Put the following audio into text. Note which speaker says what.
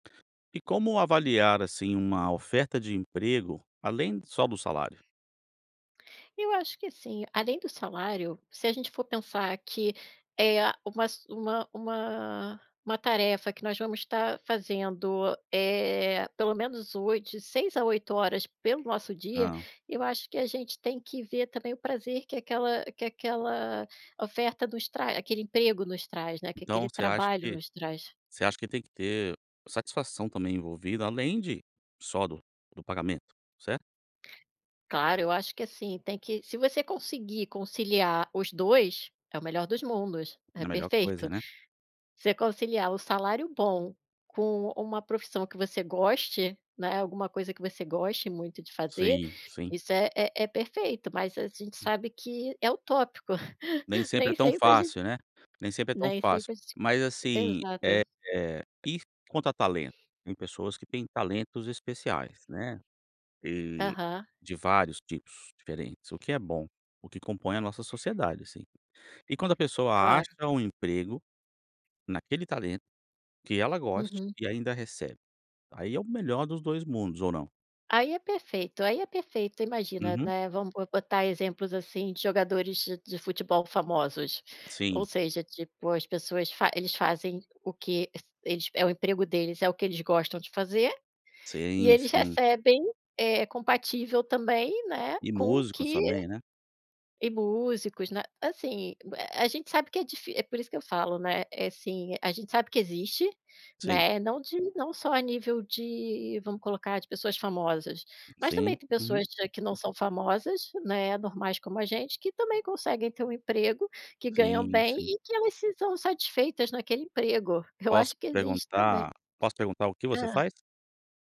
Speaker 1: E como avaliar, assim, uma oferta de emprego, além só do salário?
Speaker 2: Eu acho que assim, além do salário, se a gente for pensar que, eh, uma su uma uma uma tarefa que nós vamos estar fazendo, eh, pelo menos 8 de 6 a 8h pelo nosso dia,
Speaker 1: Hã.
Speaker 2: eu acho que a gente tem que ver também o prazer que aquela que aquela oferta nos tra aquele emprego nos traz, né, que
Speaker 1: Então
Speaker 2: aquele
Speaker 1: você acha
Speaker 2: trabalho
Speaker 1: que
Speaker 2: nos traz.
Speaker 1: você acha que tem que ter satisfação também envolvida além de só do do pagamento, certo?
Speaker 2: Claro, eu acho que assim, tem que se você conseguir conciliar os 2, é o melhor dos mundos, é
Speaker 1: A melhor
Speaker 2: perfeito.
Speaker 1: coisa, né?
Speaker 2: Você conciliar o salário bom com uma profissão que você goste, né, alguma coisa que você goste muito de fazer,
Speaker 1: Sim, sim.
Speaker 2: isso é é é perfeito. Mas a gente
Speaker 1: Hum.
Speaker 2: sabe que é utópico,
Speaker 1: Nem sempre é
Speaker 2: nem
Speaker 1: tão
Speaker 2: sempre a gente
Speaker 1: fácil, né, nem sempre é tão
Speaker 2: nem
Speaker 1: fácil.
Speaker 2: sempre a gente
Speaker 1: Mas assim,
Speaker 2: Exato.
Speaker 1: eh, ir conta talento. Tem pessoas que têm talentos especiais, né, de
Speaker 2: Aham.
Speaker 1: de vários tipos diferentes, o que é bom, o que compõe a nossa sociedade, assim. E quando a pessoa acha
Speaker 2: Claro.
Speaker 1: um emprego, naquele talento, que ela goste
Speaker 2: Uhum.
Speaker 1: e ainda recebe. Aí é o melhor dos 2 mundos ou não?
Speaker 2: Aí é perfeito, aí é perfeito. Imagina,
Speaker 1: Uhum.
Speaker 2: né, vamos bo botar exemplos, assim, de jogadores de de futebol famosos,
Speaker 1: Sim.
Speaker 2: ou seja, tipo, as pessoas fa eles fazem o que eles é o emprego deles é o que eles gostam de fazer, e
Speaker 1: Sim,
Speaker 2: eles
Speaker 1: sim.
Speaker 2: recebem, eh, compatível também, né,
Speaker 1: E
Speaker 2: com o
Speaker 1: músicos
Speaker 2: que
Speaker 1: também, né?
Speaker 2: e músicos, né. Assim, a gente sabe que é difi por isso que eu falo, né, assim a gente sabe que existe,
Speaker 1: Sim.
Speaker 2: né, não de não só a nível de, vamos colocar, de pessoas famosas. Mas
Speaker 1: Sim,
Speaker 2: também tem
Speaker 1: uhum.
Speaker 2: pessoas que não são famosas, né, normais como a gente, que também conseguem ter um emprego, que ganham
Speaker 1: Sim,
Speaker 2: bem
Speaker 1: sim.
Speaker 2: e que elas se são satisfeitas naquele emprego. Eu
Speaker 1: Posso
Speaker 2: acho que existe também.
Speaker 1: perguntar Posso perguntar o que você
Speaker 2: Hã?
Speaker 1: faz?